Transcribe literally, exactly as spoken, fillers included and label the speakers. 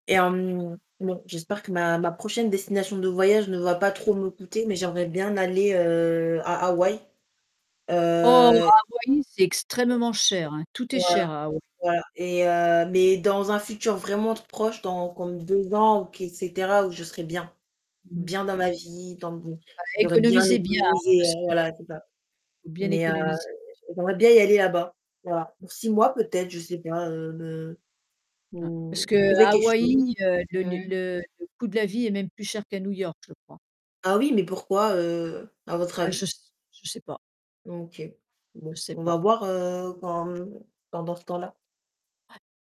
Speaker 1: Et, hem, non, j'espère que ma ma prochaine destination de voyage ne va pas trop me coûter, mais j'aimerais bien aller, heu, à Hawaï.
Speaker 2: Oh
Speaker 1: Heu
Speaker 2: Hawaï, c'est extrêmement cher, hein, tout est
Speaker 1: Voilà.
Speaker 2: cher à Hawaï.
Speaker 1: Voilà. Et, heu, mais dans un futur vraiment proche dans comme deux ans, ou qu'est cetera, où je serai bien.
Speaker 2: Mmh mh.
Speaker 1: Bien dans ma vie, dans mon
Speaker 2: Bah
Speaker 1: j'aurais bien
Speaker 2: économisez bien
Speaker 1: économisé,
Speaker 2: parce
Speaker 1: heu,
Speaker 2: que,
Speaker 1: voilà, c'est ça.
Speaker 2: faut bien
Speaker 1: Mais, heu,
Speaker 2: économiser.
Speaker 1: j'aimerais bien y aller là-bas, voilà.
Speaker 2: [unintelligible]
Speaker 1: Pour six mois peut-être, je sais pas, heu, me
Speaker 2: Hein, parce
Speaker 1: mmh. Trouver
Speaker 2: qu'à
Speaker 1: quelque chose.
Speaker 2: Hawaï, le le
Speaker 1: Mmh.
Speaker 2: le le coût de la vie est même plus cher qu'à New York je crois.
Speaker 1: Ah oui, mais pourquoi,
Speaker 2: Hein.
Speaker 1: heu, à votre
Speaker 2: Ah
Speaker 1: avis?
Speaker 2: je s je sais pas.
Speaker 1: OK.
Speaker 2: Je
Speaker 1: Bon,
Speaker 2: sais
Speaker 1: on va
Speaker 2: pas.
Speaker 1: voir, heu, quand hem, pendant ce temps-là.
Speaker 2: Ouais.